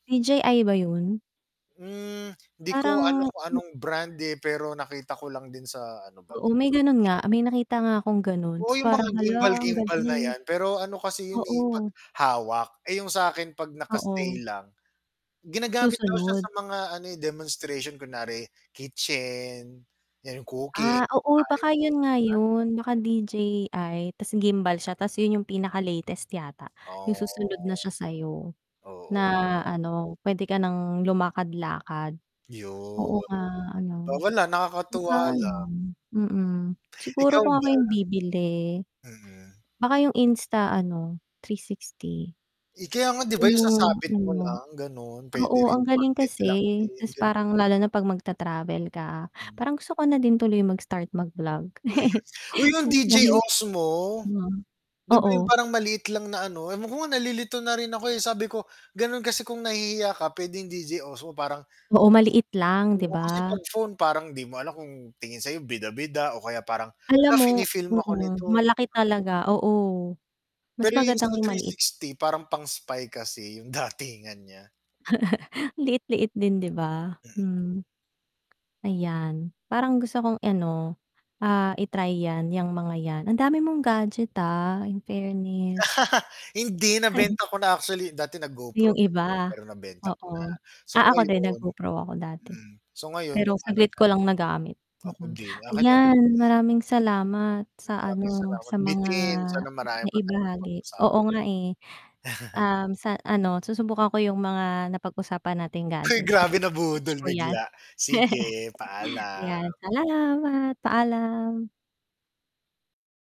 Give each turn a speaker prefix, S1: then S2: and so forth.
S1: DJI ba 'yon?
S2: Hmm, hindi ko ano
S1: Parang
S2: kung
S1: hm
S2: anong brand, eh, pero nakita ko lang din sa ano ba,
S1: Oo, may
S2: TikTok na
S1: gano'n
S2: sho
S1: nga, may nakita nga akong gano'n, 'tas
S2: 'yong mga
S1: parang hala, ang
S2: gimbal-gimbal na
S1: galing.
S2: 'yan, pero ano kasi 'yon, eh, 'pag
S1: Oo.
S2: hawak, eh, 'yong sa'kin 'pag
S1: Oo.
S2: naka-stay lang. Ginagamit daw siya sa
S1: Susunod.
S2: mga ano, eh, demonstration kunwari kitchen, 'yan, 'yong cooking,
S1: Ah, oo,
S2: kukuhanin
S1: baka
S2: mo 'yon.
S1: 'yon nga
S2: [unintelligible]
S1: 'yon, baka DJI 'tas gimbal siya 'tas 'yon 'yong pinakalatest yata, 'yong
S2: Oh.
S1: susunod na siya sa 'yo.
S2: Oo,
S1: Na
S2: 'di ba?
S1: ano, puwede ka nang lumakad-lakad.
S2: 'Yun,
S1: Oo nga
S2: 'di ba,
S1: ano,
S2: wala, nakakatuwa
S1: baka ano,
S2: lang.
S1: mm,
S2: Ikaw
S1: siguro kung ako
S2: ba?
S1: 'yong bibili,
S2: Mm.
S1: baka 'yong Insta ano, 360.
S2: Eh, kaya nga 'di
S1: Yun
S2: ba, 'yong
S1: 'yong
S2: sasabit mo
S1: ano.
S2: lang, gano'n, puwede
S1: Oo,
S2: rin
S1: ang galing
S2: magnet
S1: kasi,
S2: lang din,
S1: 'tas
S2: gan
S1: parang lalo na 'pag mag-ta-travel ka,
S2: Hmm.
S1: parang gusto ko na din tuloy mag-start mag-vlog.
S2: Mm. Uy, 'yon
S1: San
S2: DJI
S1: nahin
S2: Osmo.
S1: mhm,
S2: 'Di ba 'yong
S1: oo.
S2: parang maliit lang na ano, ewan ko nga nalilito na rin ako, eh, sabi ko, gano'n kasi kung nahihiya ka pwedeng DJI Osmo parang sige,
S1: Oo, maliit lang, 'di
S2: oo, kasi
S1: ba?
S2: 'pag phone parang 'di mo alam kung tingin sa 'yo bida-bida o kaya parang,
S1: Alam
S2: "Hala,
S1: mo,
S2: fini-film ako
S1: mm,
S2: nito,"
S1: malaki
S2: 'di ba?
S1: talaga, oo. Mas
S2: Pero
S1: maganda nga 'yong maliit.
S2: Insta360 parang pang-spy kasi, 'yong datingan niya.
S1: Liit-liit din, 'di ba?
S2: Mm.
S1: Hmm. Ayan, parang gusto kong i ano, ah, i-try 'yan, 'yang mga 'yan. Ang dami mong gadget, ah, in fairness.
S2: Hindi, nabenta ko na actually, dati nag GoPro
S1: 'Yung
S2: din
S1: iba.
S2: ako pero nabenta ko na,
S1: Oo,
S2: so
S1: ah, ako din
S2: ngayon
S1: nag-GoPro ako dati.
S2: hmm, so ngayon
S1: Pero
S2: 'yong ano
S1: saglit
S2: na.
S1: ko lang nagamit.
S2: Ako
S1: Mm,
S2: din, akin 'yong
S1: ayan, maraming salamat sa
S2: Maraming
S1: ano,
S2: salamat
S1: sa mga
S2: bitin, sana marami pa tayong
S1: naibahagi, oo
S2: mapag-usapan.
S1: nga, eh. Um, sa ano, susubukan ko 'yong mga napag-usapan nating
S2: Hay
S1: gadget; hala,
S2: grabe,
S1: wish
S2: nabudol
S1: ko 'yan.
S2: bigla, sige,
S1: 'Yan,
S2: paalam.
S1: salamat, paalam.